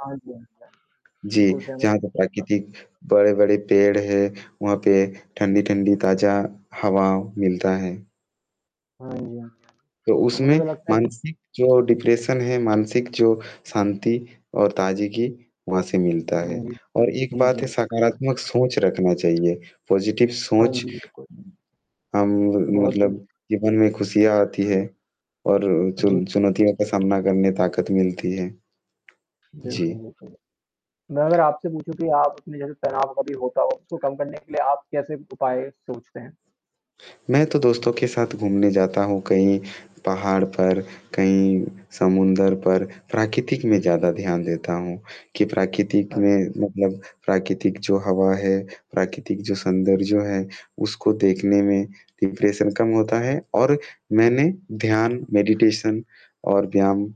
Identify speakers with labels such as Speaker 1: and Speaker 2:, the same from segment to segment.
Speaker 1: हाँ जी, हाँ जी,
Speaker 2: जी,
Speaker 1: बिल्कुल, सहमत।
Speaker 2: जहाँ पे प्राकृतिक बड़े-बड़े पेड़ हैं, वहाँ पे ठंडी-ठंडी ताज़ा हवा मिलता है।
Speaker 1: हाँ जी, हाँ जी,
Speaker 2: तो
Speaker 1: तो मुझे
Speaker 2: उसमें
Speaker 1: तो लगता है कि
Speaker 2: मानसिक जो डिप्रेशन है, मानसिक जो शांति और ताज़गी वहाँ से मिलता है
Speaker 1: हुँ,
Speaker 2: और एक
Speaker 1: जी, जी,
Speaker 2: बात है
Speaker 1: जी।
Speaker 2: सकारात्मक सोच रखना चाहिए, पाज़िटिव
Speaker 1: हाँ
Speaker 2: सोच
Speaker 1: जी, बिल्कुल।
Speaker 2: अम,
Speaker 1: बहुत
Speaker 2: मतलब
Speaker 1: जल्द
Speaker 2: जीवन में खुशियाँ आती हैं और
Speaker 1: जी।
Speaker 2: चुन चुनौतियों का सामना करने ताकत मिलती है। जी।
Speaker 1: बिल्कुल, बिल्कुल, मैं अगर आपसे पूछूँ कि आप अपने जैसे तनाव कभी होता हो उसको कम करने के लिए आप कैसे उपाय सोचते हैं?
Speaker 2: मैं तो दोस्तों के साथ घूमने जाता हूँ कहीं पहाड़ पर, कहीं समुद्र पर प्राकृतिक में ज़्यादा ध्यान देता हूँ कि प्राकृतिक
Speaker 1: [unintelligible]
Speaker 2: में मतलब प्राकृतिक जो हवा है, प्राकृतिक जो सौन्दर्य जो है उसको देखने में डिप्रेशन कम होता है और मैंने ध्यान, मेडिटेशन और व्यायाम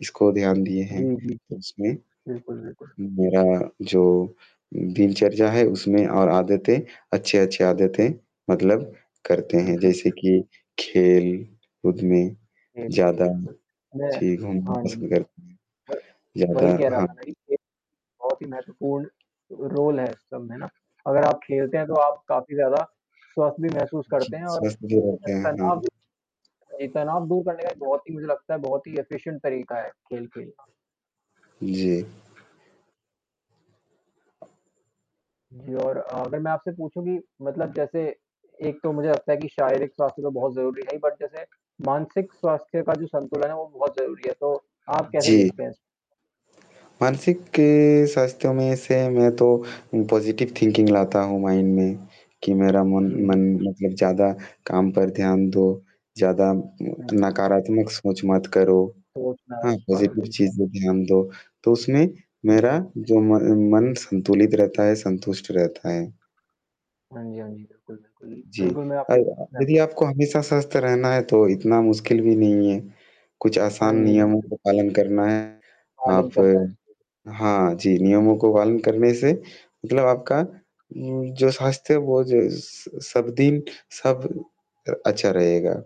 Speaker 2: इसको ध्यान दिए हैं,
Speaker 1: जी, जी,
Speaker 2: तो इसमे
Speaker 1: बिल्कुल, बिल्कुल।
Speaker 2: मेरा जो दिनचर्या है उसमें और आदतें अच्छी-अच्छी आदतें मतलब करते
Speaker 1: जी,
Speaker 2: हैं
Speaker 1: जी।
Speaker 2: जैसे कि खेल-कूद में
Speaker 1: जी, जी,
Speaker 2: ज़्यादा
Speaker 1: बिल्कुल। मैं
Speaker 2: जी, घूमना
Speaker 1: हाँ जी,
Speaker 2: पसंद करते हैं,
Speaker 1: व वही
Speaker 2: ज़्यादा
Speaker 1: कह रहा
Speaker 2: हाँ।
Speaker 1: था मैं कि बहुत ही महत्वपूर्ण रोल है इस सब में ना अगर आप खेलते हैं तो आप काफ़ी ज़्यादा स्वस्थ भी महसूस
Speaker 2: जी,
Speaker 1: करते हैं और
Speaker 2: स्वस्थ भी हो
Speaker 1: जो है
Speaker 2: गया है,
Speaker 1: तनाब
Speaker 2: हाँ।
Speaker 1: भी ये तनाव दूर करने का ये बहुत ही मुझे लगता है बहुत ही एफ़िशिएंट तरीक़ा है खेलना।
Speaker 2: जी।
Speaker 1: जी और अगर मैं आपसे पूछूँ कि मतलब जैसे एक तो मुझे लगता है कि शारीरिक स्वास्थ्य तो बहुत ज़रूरी है, बट जैसे मानसिक स्वास्थ्य का जो संतुलन है वो बहुत ज़रूरी है, तो आप कैसे
Speaker 2: जी।
Speaker 1: देखते हैं इस?
Speaker 2: मानसिक स्वास्थ्यों में से मैं तो पाज़िटिव थिंकिंग लाता हूँ माइंड में कि मेरा मन
Speaker 1: जी,
Speaker 2: मन
Speaker 1: बिल्कुल।
Speaker 2: मतलब ज़्यादा काम पर ध्यान दो ज़्यादा
Speaker 1: हाँ जी।
Speaker 2: नकारात्मक सोच मत करो
Speaker 1: सोच ना आए
Speaker 2: हाँ,
Speaker 1: पाए
Speaker 2: पाज़िटिव
Speaker 1: बिल्कुल।
Speaker 2: चीज़ों का ध्यान दो, तो उसमें
Speaker 1: हाँ जी।
Speaker 2: मेरा जो म मन संतुलित रहता है, संतुष्ट रहता है।
Speaker 1: हाँ जी, हाँ जी, बिल्कुल, बिल्कुल,
Speaker 2: जी,
Speaker 1: बिल्कुल, मैं
Speaker 2: और
Speaker 1: आपकी बात
Speaker 2: हाँ,
Speaker 1: से सहमत
Speaker 2: यदि आपको हमेशा स्वस्थ रहना है तो इतना मुश्किल भी नहीं है। कुछ
Speaker 1: हाँ
Speaker 2: आसान
Speaker 1: जी,
Speaker 2: नियमों
Speaker 1: बिल्कुल।
Speaker 2: का पालन करना है
Speaker 1: पालन
Speaker 2: आप
Speaker 1: करना है।
Speaker 2: हाँ जी नियमों को पालन करने से मतलब आपका उम, जो साथ से वो ज स सब दिन सब अ, अच्छा रहेगा।